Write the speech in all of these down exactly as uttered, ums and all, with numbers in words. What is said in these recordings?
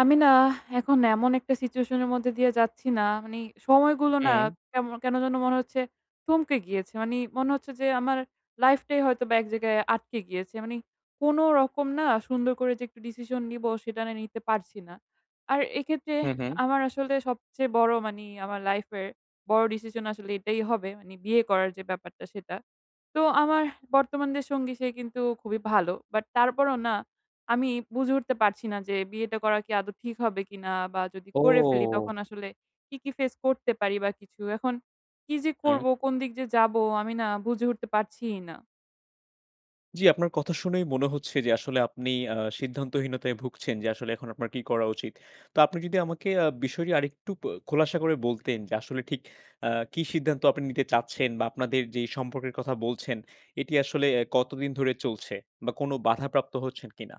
আমি না এখন এমন একটা সিচুয়েশনের মধ্যে দিয়ে যাচ্ছি না মানি সময়গুলো না হুম। কেম কেন যেন মনে হচ্ছে, থমকে গিয়েছে. মানি মনে হচ্ছে যে আমার, লাইফটাই হয়তোবা এক জায়গায় আটকে গিয়েছে. মানি কোন রকম না সুন্দর করে যে একটু নিবো সেটা না নিতে পারছি না। আর এক্ষেত্রে, হুম, হুম। আমার আসলে সবচেয়ে বড় মানি আমার লাইফের, বড় decision আসলে এটাই হবে মানি বিয়ে করার যে ব্যাপারটা সেটা। তো আমার বর্তমান যে সঙ্গী সে কিন্তু খুবই ভালো। বাট তারপরও না, আমি বুঝে উঠতে পারছি না যে বিয়েটা করা কি আদৌ ঠিক হবে কিনা? বা যদি করে ফেলি ও! তখন আসলে, কি, কি face করতে পারি বা কিছু? এখন কি যে হুম। করব? কোন দিক যে যাবো? আমি না বুঝে উঠতে পারছিই না। জ্বী আপনার কথা শুনেই মনে হচ্ছে যে আসলে আপনি আ সিদ্ধান্তহীনতায় ভুগছেন যে আসলে এখন আপনার কি করা উচিত? তো আপনি যদি আমাকে আ বিষয়টি আরেকটু প খোলাসা করে বলতেন যে আসলে ঠিক, আ কি সিদ্ধান্ত আপনি নিতে চাচ্ছেন? বা আপনাদের যেই সম্পর্কের কথা বলছেন, এটি আসলে এ কতদিন ধরে চলছে? বা কোন বাধাপ্রাপ্ত হচ্ছেন কিনা?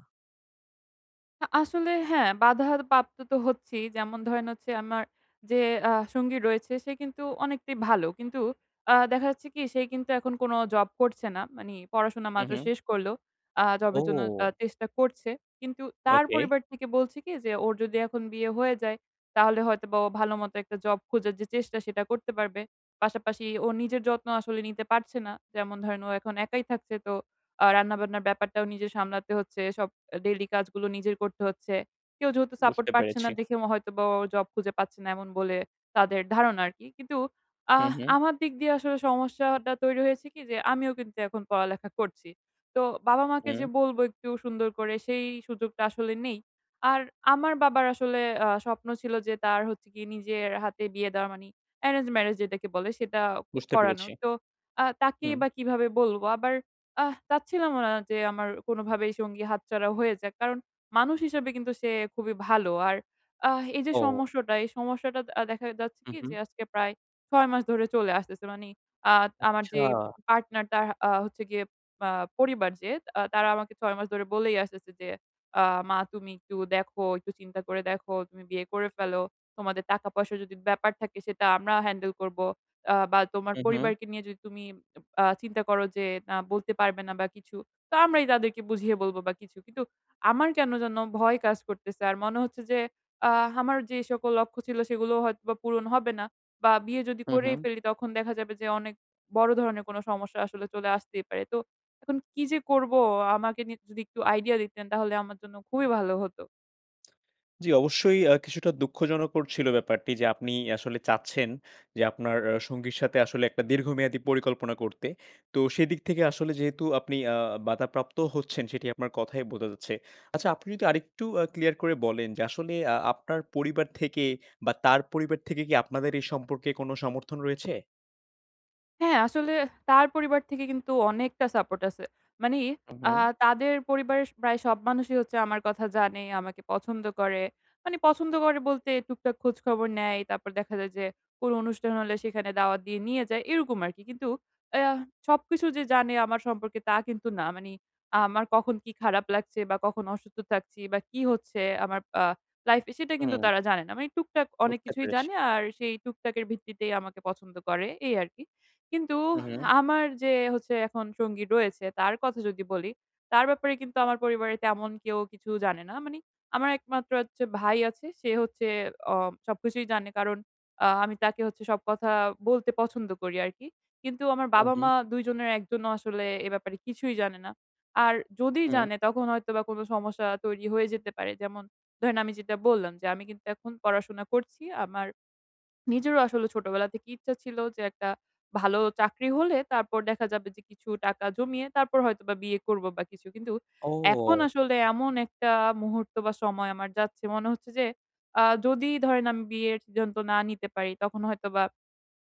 আ আসলে হ্যাঁ বাধার পাপ্ত তো হচ্ছিই যেমন ধরেন হচ্ছে আমার যে আ সঙ্গী রয়েছে সে কিন্তু অনেকটাই ভালো। কিন্তু, আ দেখা যাচ্ছে কি সেই কিন্তু এখন কোন জব করছে না। মানি পড়াশোনা হুম, মাত্র হুম। শেষ করল। আ জবের জন্য তারা ও! চেষ্টা করছে। কিন্তু তার ওকে। পরিবার থেকে বলছে কি যে ওর যদি এখন বিয়ে হয়ে যায়, তাহলে হয়তোবা ও ভালো মত একটা জব খোঁজার যে চেষ্টা সেটা করতে পারবে। পাশাপাশি ও নিজের যত্ন আসলে নিতে পারছে না। যেমন ধরেন ও এখন একাই থাকছে তো, আ রান্না-বান্নার ব্যাপারটাও নিজে সামলাতে হচ্ছে সব। এ ডেইলি কাজগুলো নিজের করতে হচ্ছে। কেউ যেহেতু support বুঝতে পারছে না পেরেছি। দেখে ও হয়তোবা ও জব খুঁজে পাচ্ছে না এমন বলে তাদের ধারণা আরকি। কিন্তু হুম, আহ হুম। আমার দিক দিয়ে আসলে সমস্যাটা তৈরি হয়েছে কি যে আমিও কিন্তু এখন পড়ালেখা করছি। তো বাবা-মাকে হুম। যে বলব একটু সুন্দর করে সেই সুযোগটা আসলে নেই। আর, আমার বাবার আসলে আ স্বপ্ন ছিল যে তার হচ্ছে গিয়ে নিজের হাতে বিয়ে দেওয়া মানে, arrange marriage যেটাকে বলে সেটা বুঝতে পেরেছি। করানোর। তো, আ তাকেই হুম। বা কিভাবে বলব? আবার, আহ চাচ্ছিলামও না যে আমার কোনভাবেই সঙ্গী হাতছাড়া হয়ে যাক। কারণ, মানুষ হিসাবে কিন্তু সে খুবই ভালো আর, আহ এই যে ও। সমস্যোটা এই সমস্যাটা দ আ দেখা যাচ্ছে হুম, কি যে হুম। আজকে প্রায় ছয় মাস ধরে চলে আসতেছে মানি আ আমার আচ্ছা! যে ব পার্টনার তারহ আ হচ্ছে গিয়ে, আ পরিবার যে আ তারা আমাকে ছয় মাস ধরে বলেই আসতেছে যে, "আ মা তুমি একটু দেখো, একটু চিন্তা করে দেখো, তুমি বিয়ে করে ফেলো। তোমাদের টাকা-পয়সার যদি ব্যাপার থাকে সেটা আমরা handle করব। আ বা তোমার হুম, হুম। পরিবারকে নিয়ে যদি তুমি আ চিন্তা করো যে না বলতে পারবে না বা কিছু, তো আমরাই তাদেরকে বুঝিয়ে বলব বা কিছু।" কিন্তু, আমার কেন যেন ভয় কাজ করতেছে আর মনে হচ্ছে যে আ হামার যেই সকল লক্ষ্য ছিল সেগুলোও হয়তোবা পূরণ হবে না। বা বিয়ে যদি হু, করেই হু। ফেলি তখন দেখা যাবে যে অনেক, বড় ধরনের কোন সমস্যা আসলে চলে আসতেই পারে। তো, এখন কি যে করব? আমাকে নিয়ে যদি একটু idea দিতেন তাহলে আমার জন্য খুবই ভালো হতো। জি অবশ্যই আ কিছুটা দুক্ষজনকোর ছিল ব্যাপারটি যে আপনি আসলে চাচ্ছেন, যে আপনার আ সঙ্গীর সাথে আসলে একটা দীর্ঘমেয়াদী পরিকল্পনা করতে। তো সেদিক থেকে আসলে যেহেতু আপনি আ বাধাপ্রাপ্তও হচ্ছেন সেটি আপনার কথায়ই বোঝা যাচ্ছে। আচ্ছা আপনি যদি আরেকটু আ ক্লিয়ার করে বলেন যে আসলে আ আপনার পরিবার থেকে, বা তার পরিবার থেকে কি আপনাদের এই সম্পর্কে কোন সমর্থন রয়েছে? হ্যাঁ আসলে, তার পরিবার থেকে কিন্তু অনেকটা support আছে। মানিই হুম, আ হুম। তাদের পরিবারের স প্রায় সব মানুষই হচ্ছে আমার কথা জানে, আমাকে পছন্দ করে। মানে পছন্দ করে বলতে টুকটাক খোঁজখবর নেয়। তারপর দেখা যায় যে, কোনো অনুষ্ঠান হলে সেখানে দাওয়াত দিয়ে নিয়ে যায়। এইরকম আরকি। কিন্তু, এআ সবকিছু যে জানে আমার সম্পর্কে তা কিন্তু না। মানি, আমার কখন কি খারাপ লাগছে? বা কখন অসুস্থ থাকছি? বা কি হচ্ছে আমার পা লাইফে? সেটা কিন্তু হুম। তারা জানেনা। মানে এই টুকটাক অনেক মুথথে কিছুই পেরেছি। জানে আর সেই টুকটাকের ভিত্তিতেই আমাকে পছন্দ করে এই আরকি। কিন্তু হুম, হুম। আমার যে হচ্ছে এখন সঙ্গী রয়েছে তার কথা যদি বলি, তার ব্যাপারে কিন্তু আমার পরিবারে তেমন কেউ কিছু জানেনা। মানি, আমার এক মাত্র হচ্ছে ভাই আছে সে হচ্ছে অ সবকিছুই জানে। কারণ, আ আমি তাকে হচ্ছে সব কথা বলতে পছন্দ করি আরকি। কিন্তু আমার হুম, হুম। বাবা-মা দুই জনের এক জনও আসলে এ ব্যাপারে কিছুই জানে না। আর যদি হুম। জানে তখন হয়তোবা কোনো সমস্যা তৈরি হয়ে যেতে পারে। যেমন, ধরেন আমি যেটা বললাম যে আমি কিন্তু এখন পড়াশোনা করছি, আমার নিজেরও আসলে ছোটবেলা থেকে ইচ্ছা ছিল যে একটা, ভালো চাকরি হলে তারপর দেখা যাবে যে কিছু টাকা জমিয়ে তারপর হয়তোবা বিয়ে করব বা কিছু। কিন্তু এখন ও! আসলে এমন একটা মুহূর্ত বা সময় আমার যাচ্ছে মনে হচ্ছে যে, আ যদি ধরেন আমি বিয়ের সিদ্ধান্ত না নিতে পারি তখন হয়তোবা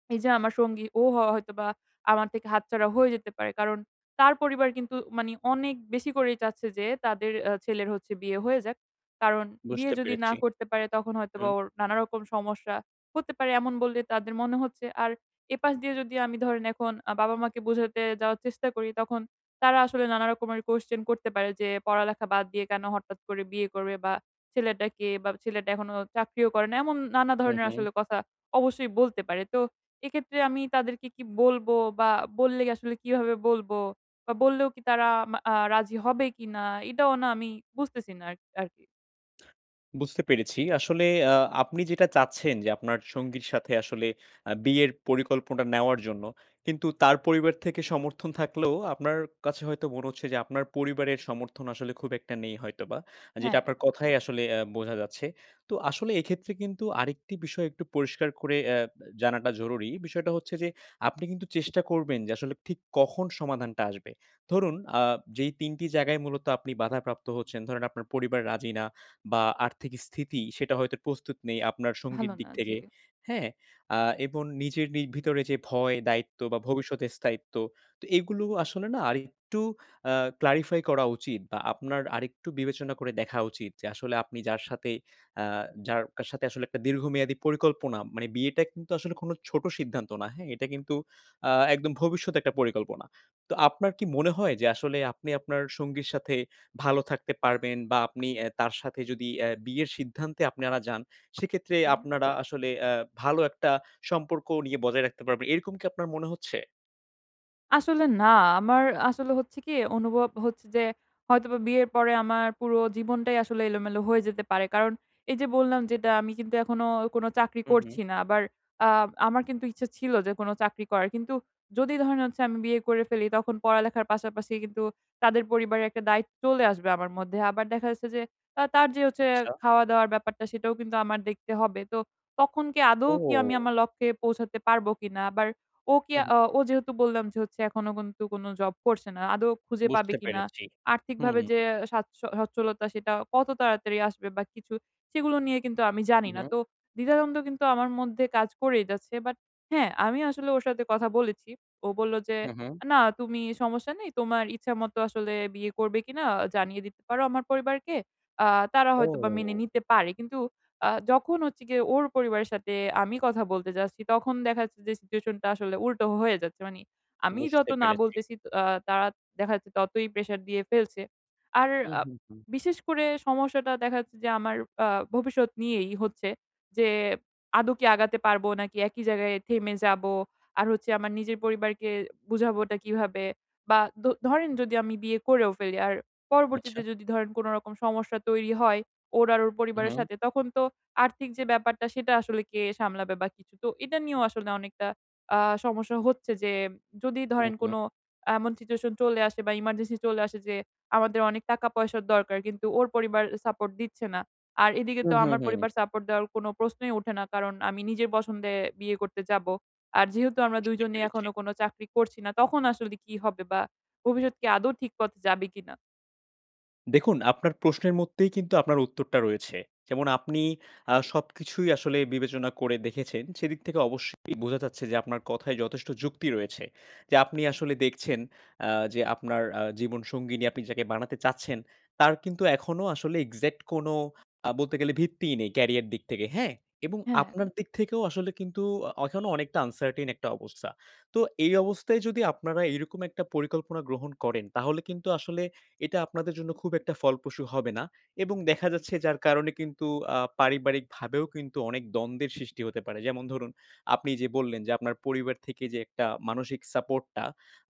এই যে আমার সঙ্গী ও হয় হয়তোবা, আমার থেকে হাতছাড়া হয়ে যেতে পারে। কারণ, তার পরিবার কিন্তু মানি অনেক বেশি করেই চাচ্ছে যে তাদের এহ ছেলের হচ্ছে বিয়ে হয়ে যাক। কারণ, বিয়ে বুঝতে যদি না পেরেছি, করতে পারে তখন হয়তোবা হুম। ওর নানারকম সমস্যা হতে পারে এমন বললে তাদের মনে হচ্ছে। আর এপাশ দিয়ে যদি আমি ধরেন এখন আ বাবা-মাকে বোঝাতে যাওয়ার চেষ্টা করি তখন, তারা আসলে নানা রকমের question করতে পারে। যে পড়ালেখা বাদ দিয়ে কেন হঠাৎ করে বিয়ে করবে? বা ছেলেটা কে? বাব ছেলেটা এখনো চাকরিও করে না এমন নানা হুম, ধরণের হুম। আসলে কথা, অবশ্যই বলতে পারে। তো, এক্ষেত্রে আমি তাদেরকে কি বলবো? বা বললেই আসলে কিভাবে বলব? বা বললেও কি তারা মা আ রাজি হবে কিনা? এটাও না আমি, বুঝতেছি না আরকি আরকি। বুঝতে পেরেছি আসলে আ আপনি যেটা চাচ্ছেন যে আপনার সঙ্গীর সাথে আসলে, আ বিয়ের পরিকল্পনা নেওয়ার জন্য, কিন্তু তার পরিবার থেকে সমর্থন থাকলেও আপনার, কাছে হয়তো মনে হচ্ছে যে আপনার পরিবারের সমর্থন আসলে খুব একটা নেই হয়তোবা। আ যেটা হ্যাঁ। আপনার কথায় আসলে এ বোঝা যাচ্ছে। তো আসলে এক্ষেত্রে কিন্তু আরেকটি বিষয় একটু পরিষ্কার করে এ জানাটা জরুরি। বিষয়টা হচ্ছে যে, আপনি কিন্তু চেষ্টা করবেন যে আসলে ঠিক কখন সমাধানটা আসবে। ধরুন আ যেই তিন টি জায়গায় মূলত আপনি বাধাপ্রাপ্ত হচ্ছেন, ধরেন আপনার পরিবার রাজি না, বা আর্থিক স্থিতি সেটা হয়তো পস্তুত নেই আপনার সঙ্গীর ভালো দিক না জি। থেগে, হ্যাঁ? আ এবন নিজের নি ভিতরে যে ভয়, দায়িত্ব বা ভবিষ্যতের স্থায়িত্ব, তো এইগুলো আসলে না আরেট্টু আ clarify করা উচিত. বা আপনার আরেকটু বিবেচনা করে দেখা উচিত যে আসলে আপনি যার সাথে আ যার কা সাথে আসলে একটা দীর্ঘমেয়াদী পরিকল্পনা মানে বিয়েটা কিন্তু আসলে কোন ছোট সিদ্ধান্ত না, হ্যাঁ? এটা কিন্তু, আ একদম ভবিষ্যত একটা পরিকল্পনা। তো আপনার কি মনে হয় যে আসলে আপনি আপনার সঙ্গীর সাথে, ভালো থাকতে পারবেন? বা আপনি এ তার সাথে যদি এ বিয়ের সিদ্ধান্তে আপনারা যান সেক্ষেত্রে জি। আপনারা আসলে এ ভালো একটা সম্পর্ক নিয়ে বজায় রাখতে পারবেন। এইরকম কি আপনার মনে হচ্ছে? আসলে না আমার আসলে হচ্ছে কি এ অনুভব হচ্ছে যে, হয়তোবা বিয়ের পরে আমার পুরো জীবনটাই আসলে এলোমেলো হয়ে যেতে পারে। কারণ এই যে বললাম যেটা, আমি কিন্তু এখনোও কোনো চাকরি হুম, হুম। করছি না আবার, আ আমার কিন্তু ইচ্ছা ছিল, যে কোন চাকরি করার। কিন্তু যদি ধরেন হচ্ছে আমি বিয়ে করে ফেলি, তখন পড়া-লেখার পাশাপাশি কিন্তু, তাদের পরিবারের একটা দায়ি চলে আসবে আমার মধ্যে। আবার দেখা যাচ্ছে যে, আ তার যে হচ্ছে, আচ্ছা? খাওয়া-দাওয়ার ব্যাপারটা সেটাও কিন্তু আমার দেখতে হবে তো, তখন কি আদৌ কি আমি ও! আমার লক্ষ্যে পৌঁছাতে পারবো কিনা? আবার, ও কি হু, হু। অ ও যেহেতু বললাম যে হচ্ছে এখনো কন্তু কোনো জব করছে না আদো খুঁজে পাবে বুঝতে কিনা? পেরেছি, আর্থিকভাবে যে হুম। আ সাচ্ছ সচ্ছলতা সেটা কত তাড়াতাড়ি আসবে বা কিছু? সেগুলো নিয়ে কিন্তু আমি জানিনা। মহুম। তো, দ্বিধা-দ্বন্দ্ব কিন্তু আমার মধ্যে কাজ করেই যাচ্ছে বাট, হ্যাঁ আমি আসলে ওর সাথে কথা বলেছি, ও বললো যে, হুম, হুম। "আ না তুমি সমস্যা নেই তোমার ইচ্ছামতো আসলে বিয়ে করবে কিনা জানিয়ে দিতে পারো আমার পরিবারকে, আ তারা হয়তোবা মেনে ও! নিতে পারে" কিন্তু, আ যখন হচ্ছে গিয়ে ওর পরিবারের সাথে আমি কথা বলতে যাচ্ছি, তখন দেখা যাচ্ছে যে সিচুয়েশন টা আসলে উল্টো হয়ে যাচ্ছে, মানি আমি যত বুসতে না পেরেছি। বলতেছি তো আ তারা, দেখা যাচ্ছে ততই প্রেশার দিয়ে ফেলছে। আর আ উম-হুম, হুম। বিশেষ করে সমস্যাটা দেখা যাচ্ছে যে আমার আ ভবিষ্যৎ নিয়েই হচ্ছে, যে, আদৌ কি আগাতে পারবো? নাকি একই জাগায়ে থেমে যাবো? আর হচ্ছে আমার নিজের পরিবারকে, বুঝাবোটা কিভাবে? বা দো ধরেন যদি আমি বিয়ে করেও ফেলি, আর পরবর্তীতে আচ্ছা। যদি ধরেন কোনো রকম সমস্যা তৈরি হয়, ওর আর ওর পরিবারের উম-হুম। সাথে তখন তো, আর্থিক যে ব্যাপারটা সেটা আসলে কে সামলাবে বা কিছু? তো এটা নিয়েও আসলে অনেকটা, আ সমস্যা হচ্ছে যে যদি হুম, ধরেন হু। কোন, এমন সিচুয়েশন চলে আসে বা ইমারজেসি চলে আসে যে, আমাদের অনেক টাকা-পয়সার দরকার, কিন্তু ওর পরিবার এ সাপোর্ট দিচ্ছে না, আর এদিকে তো হুম, হু, আমার হু। পরিবার সাপোর্ট দেওয়ার কোন প্রশ্নই ওঠে না কারণ আমি নিজের বছন্দে বিয়ে করতে যাব, আর যেহেতু আমরা দুই বুসতে জনই পেরেছি। এখনো কোনো চাকরি করছি না, তখন আসলে কি হবে? বা, ভবিষ্যৎ কি আদৌ ঠিক পথে যাবে কিনা? দেখুন, আপনার প্রশ্নের মধ্যেই কিন্তু আপনার উত্তরটা রয়েছে। যেমন আপনি, আ সবকিছুই আসলে বিবেচনা করে দেখেছেন, সেদিক থেকে অবশ্যই বোঝা যাচ্ছে যে আপনার কথায় যথেষ্ট যুক্তি রয়েছে। যে আপনি আসলে দেখছেন, আ যে আপনার আ জীবন সঙ্গীনি আপনি যাকে বানাতে চাচ্ছেন, তার কিন্তু এখনো আসলে exact কোনো আ বলতে গেলে ভিত্তিই নেই career দিক থেকে, হ্যাঁ? এবং হ্যাঁ। আপনার দিক থেকেও আসলে কিন্তু আ অখনো অনেকটা uncertain একটা অবস্থা। তো এই অবস্থায় যদি আপনারা এইরকম একটা পরিকল্পনা গ্রহণ করেন তাহলে কিন্তু আসলে, এটা আপনাদের জন্য খুব একটা ফলপ্রসূ হবে না। এবং দেখা যাচ্ছে যার কারণে কিন্তু আ পারিবারিকভাবেও কিন্তু অনেক দ্বন্দ্বের সিস্টি হতে পারে যেমন ধরুন, আপনি এইযে বললেন যে আপনার পরিবার থেকে যে একটা মানসিক সাপোর্টটা,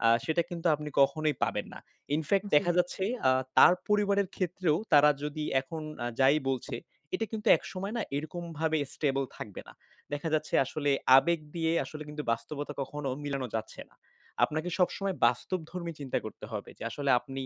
আ সেটা কিন্তু আপনি কখনোই পাবেন না। in fact দেখা জিয়ে। যাচ্ছে আ তার পরিবারের ক্ষেত্রেও তারা যদি এখন আ যাই বলছে, এটা কিন্তু একসময় না এইরকমভাবে stable থাকবে না। দেখা যাচ্ছে আসলে আবেগ দিয়ে আসলে কিন্তু বাস্তবতা কখনো মিলানো যাচ্ছে না। আপনাকে সবসময় বাস্তবধর্মী চিন্তা করতে হবে যে আসলে আপনি,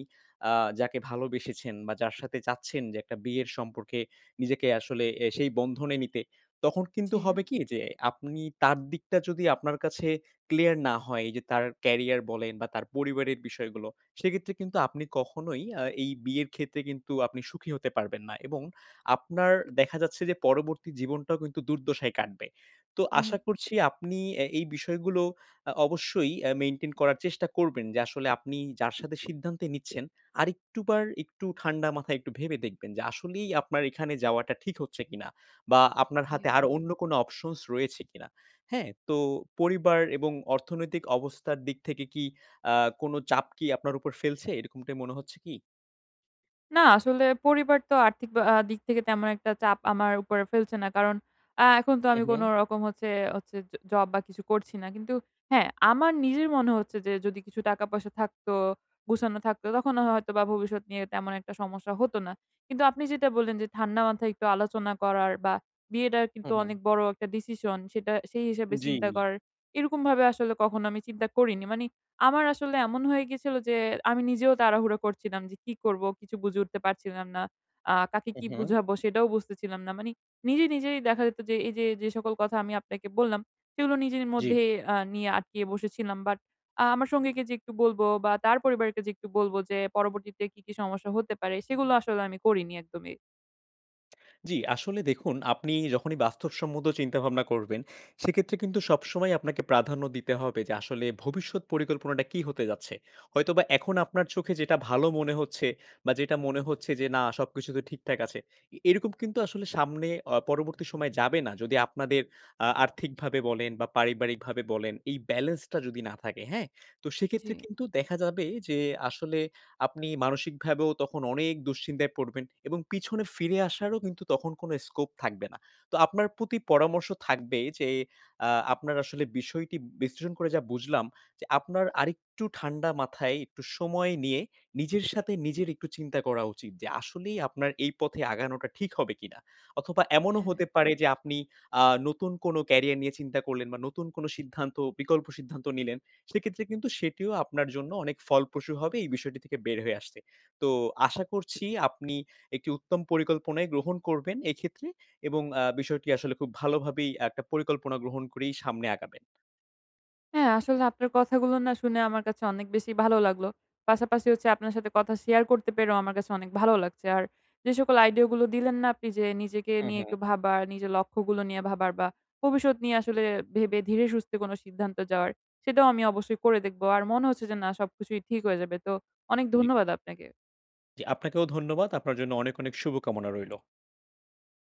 আ যাকে ভালোবেসেছেন বা যার সাথে চাচ্ছেন যে একটা বিয়ের সম্পর্কে, নিজেকে আসলে এ সেই বন্ধনে নিতে, তখন কিন্তু জিয়ে। হবে কি যে আপনি তার দিকটা যদি আপনার কাছে, ক্লিয়ার না হয় এই যে তার career বলেন বা তার পরিবারের বিষয়গুলো, সেক্ষেত্রে কিন্তু আপনি কখনোই আ এই বিয়ের ক্ষেত্রে কিন্তু আপনি সুখী হতে পারবেন না। এবং, আপনার দেখা যাচ্ছে যে পরবর্তী জীবনটাও কিন্তু দুর্দশায় কাটবে। তো হুম, হুম। আশা করছি, আপনি এ এই বিষয়গুলো, আ অবশ্যই এ মেইনটেন করার চেষ্টা করবেন যে আসলে আপনি যার সাথে সিদ্ধান্তে নিচ্ছেন, আরেকটুবার একটু ঠান্ডা মাথায় একটু ভেবে দেখবেন যে আসলেই আপনার এখানে যাওয়াটা ঠিক হচ্ছে কিনা? বা আপনার হাতে জিয়ে। আর অন্য কোনো options রয়েছে কিনা, হ্যাঁ? তো পরিবার এবং অর্থনৈতিক অবস্থার দিক থেকে কি, আ কোনো চাপ কি আপনার উপর ফেলছে? এরকমটাই মনে হচ্ছে কি? না, আসলে পরিবার তো আর্থিক বা আ দিক থেকে তেমন একটা চাপ আমার উপরে ফেলছে না। কারণ, আ এখন তো আমি উম-হু। কোনোরকম হচ্ছে হচ্ছে জ জব বা কিছু করছি না। কিন্তু হ্যাঁ, আমার নিজের মনে হচ্ছে যে যদি কিছু টাকা-পয়সা থাকত, গোছানো থাকত, তখন ও হয়তোবা ভবিষ্যৎ নিয়ে তেমন একটা সমস্যা হত না। কিন্তু আপনি যেটা বললেন যে ঠান্ডা মাথায় একটু আলোচনা করার বা, বিয়েডা হু কিন্তু হুম। অনেক বড় একটা decision সেটা সেই হিসাবে চিন্তা জি। করার। এরকমভাবে আসলে কখনো আমি চিন্তা করিনি। মানি আমার আসলে এমন হয়ে গেছিলো যে আমি নিজেও তাড়াহুড়ো করছিলাম যে কি করব? কিছু বুঝে উঠতে পারছিলাম না। আ কাকে হু কি হুম। বুঝাবো সেটাও বুঝতেছিলাম না, মানে নিজে, নিজেই দেখা যেত যে এই যে, যে সকল কথা আমি আপনাকে বললাম, সেগুলো নিজের জি। মধ্যে আ নিয়ে আটকিয়ে বসেছিলাম। বাট, আ আমার সঙ্গীকে যে একটু বলব বা তার পরিবারকে যে একটু বলব যে পরবর্তীতে কি, কি সমস্যা হতে পারে? সেগুলো আসলে আমি করিনি একদমই। জি আসলে দেখুন আপনি যখনই বাস্তবসম্মত চিন্তাভাবনা করবেন, সেক্ষেত্রে কিন্তু সবসময় আপনাকে প্রাধান্য দিতে হবে যে আসলে ভবিষ্যৎ পরিকল্পনাটা কি হতে যাচ্ছে। হয়তোবা এখন আপনার চোখে যেটা ভালো মনে হচ্ছে বা, যেটা মনে হচ্ছে যে না, সবকিছু তো ঠিকঠাক আছে। এ এরকম কিন্তু আসলে সামনে অ পরবর্তী সময় যাবে না। যদি আপনাদের, আ আর্থিকভাবে বলেন বা পারিবারিকভাবে বলেন এই balance টা যদি না থাকে, হ্যাঁ? তো জি। সেক্ষেত্রে কিন্তু দেখা যাবে যে আসলে, আপনি মানসিকভাবেও তখন অনেক দুশ্চিন্তায় পড়বেন এবং পিছনে ফিরে আসারও কিন্তু তখন কোনো scope থাকবে না। তো আপনার প্রতি পরামর্শ থাকবে যে, আ আপনার আসলে বিষয়টি বিশ্লেষণ করে যা বুঝলাম, যে আপনার আরেকটু ঠান্ডা মাথায় একটু সময় নিয়ে নিজের সাথে নিজের একটু চিন্তা করা উচিত। যে আসলেই আপনার এই পথে আগানোটা ঠিক হবে কিনা? অথবা এমনও হ্যাঁ। হতে পারে যে আপনি আ নতুন কোনো career নিয়ে চিন্তা করলেন বা নতুন কোনো সিদ্ধান্ত বিকল্প সিদ্ধান্ত নিলেন। সেক্ষেত্রে কিন্তু সেটিও আপনার জন্য অনেক ফলপ্রসূ হবে এই বিষয়টি থেকে বের হয়ে আসতে। তো আশা করছি আপনি একটি উত্তম পরিকল্পনাই গ্রহণ করবেন এইক্ষেত্রে। এবং আ বিষয়টি আসলে খুব ভালোভাবেই একটা পরিকল্পনা গ্রহণ করেই সামনে আগাবেন। হ্যাঁ, আসলে আপনার কথাগুলো না শুনে আমার কাছে অনেক বেশি ভালো লাগলো। পাশাপাশি হচ্ছে আপনার সাথে কথা share করতে পেরেও আমার কাছে অনেক ভালো লাগছে। আর, যে সকল আইডিয়াগুলো দিলেন না আপনি যে নিজেকে হু, নিয়ে হু। একটু ভাবার, নিজের লক্ষ্যগুলো নিয়ে ভাবার বা ভবিষ্যৎ নিয়ে আসলে ভেবে ধীরে সুস্থে কোনো সিদ্ধান্ত যাওয়ার, সেটাও আমি অবশ্যই করে দেখব। আর মনে হচ্ছে যে না, সবকিছুই ঠিক হয়ে যাবে তো, অনেক জি। ধন্যবাদ আপনাকে। জি, আপনাকেও ধন্যবাদ। আপনার জন্য অনেক, অনেক শুভকামনা রইলো।